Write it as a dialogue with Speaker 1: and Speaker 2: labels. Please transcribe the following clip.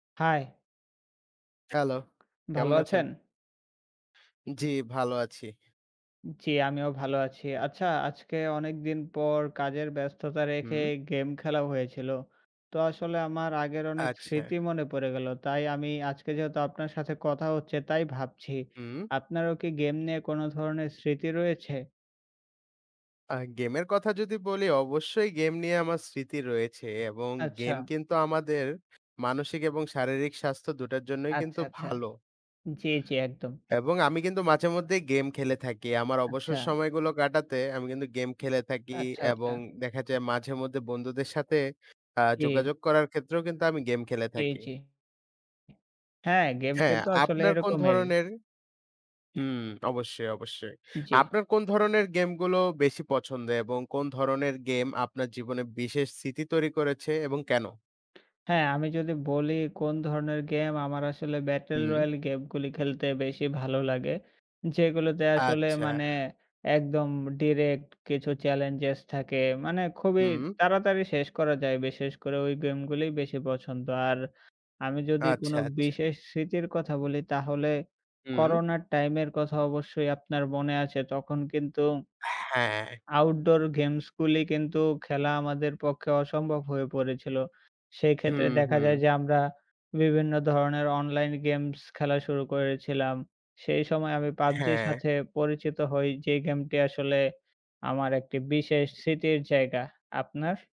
Speaker 1: হায়!
Speaker 2: Hello!
Speaker 1: ভালো
Speaker 2: কেমন আছেন?
Speaker 1: আছেন?
Speaker 2: জ্বি, ভালো আছি।
Speaker 1: জ্বি, আমিও ভালো আছি। আচ্ছা, আজকে অনেকদিন পর, কাজের ব্যস্ততা রেখে
Speaker 2: হুম।
Speaker 1: গেম খেলা হয়েছিল। তো আসলে আমার আগের অনেক
Speaker 2: আচ্ছা।
Speaker 1: স্মৃতি মনে পড়ে গেল। তাই আমি আজকে যেহেতু আপনার সাথে কথা হচ্ছে তাই ভাবছি।
Speaker 2: হুম।
Speaker 1: আপনারও কি গেম নিয়ে কোনো ধরনের স্মৃতি রয়েছে?
Speaker 2: আ গেমের কথা যদি বলি, অবশ্যই গেম নিয়ে আমার স্মৃতি রয়েছে এবং গেম
Speaker 1: আচ্ছা।
Speaker 2: কিন্তু আমাদের, মানসিক এবং শারীরিক স্বাস্থ্য ২ টার জন্যই কিন্তু
Speaker 1: আচ্ছা, আচ্ছা।
Speaker 2: ভালো।
Speaker 1: জ্বী, জ্বী। একদম।
Speaker 2: এবং আমি কিন্তু মাঝেমধ্যেই গেম খেলে থাকি। আমার অবসর
Speaker 1: আচ্ছা।
Speaker 2: সময়গুলো কাটাতে, আমি কিন্তু গেম খেলে থাকি
Speaker 1: আচ্ছা,
Speaker 2: এবং
Speaker 1: আচ্ছা।
Speaker 2: দেখা যায় মাঝেমধ্যে বন্ধুদের সাথে অ্যা
Speaker 1: জি।
Speaker 2: যোগাযোগ করার ক্ষেত্রেও কিন্তু আমি গেম খেলে
Speaker 1: জি,
Speaker 2: থাকি।
Speaker 1: জি। হ্যাঁ, গেম
Speaker 2: হ্যাঁ,
Speaker 1: কিন্তু আসলে
Speaker 2: আপনার কোন
Speaker 1: এরকমের।
Speaker 2: ধরনের হুম। অবশ্যই, অবশ্যই।
Speaker 1: জি।
Speaker 2: আপনার কোন ধরনের গেমগুলো বেশি পছন্দ এবং কোন ধরনের গেম আপনার জীবনে বিশেষ স্মৃতি তৈরি করেছে এবং কেন?
Speaker 1: হ্যাঁ, আমি যদি বলি কোন ধরনের গেম আমার আসলে 'ব্যাটল
Speaker 2: হুম।
Speaker 1: রয়াল' গেমগুলি খেলতে বেশি ভালো লাগে। যেগুলোতে আসলে
Speaker 2: আচ্ছা।
Speaker 1: মানে, একদম ডিরেক্ট কিছু চ্যালেঞ্জেস থাকে। মানে খুবই
Speaker 2: হুম।
Speaker 1: তাড়াতাড়ি শেষ করা যায়। বিশেষ করে ওই গেমগুলোই বেশি পছন্দ। আর, আমি যদি কোনো
Speaker 2: আচ্ছা, আচ্ছা।
Speaker 1: বিশেষ স্মৃতির কথা বলি, তাহলে
Speaker 2: হুম।
Speaker 1: করোনার টাইমের কথা অবশ্যই আপনার মনে আছে তখন কিন্তু
Speaker 2: হ্যাঁ।
Speaker 1: আউটডোর গেমসগুলি কিন্তু খেলা আমাদের পক্ষে অসম্ভব হয়ে পড়েছিল। সেই
Speaker 2: হুম,
Speaker 1: ক্ষেত্রে দেখা
Speaker 2: হুম।
Speaker 1: যায় যে আমরা, বিভিন্ন ধরনের অনলাইন গেমস খেলা শুরু করেছিলাম, সেই সময় আমি PUBG-র
Speaker 2: হ্যাঁ।
Speaker 1: সাথে পরিচিত হই, যে গেমটি আসলে আমার একটি বিশেষ স্মৃতির জায়গা। আপনার?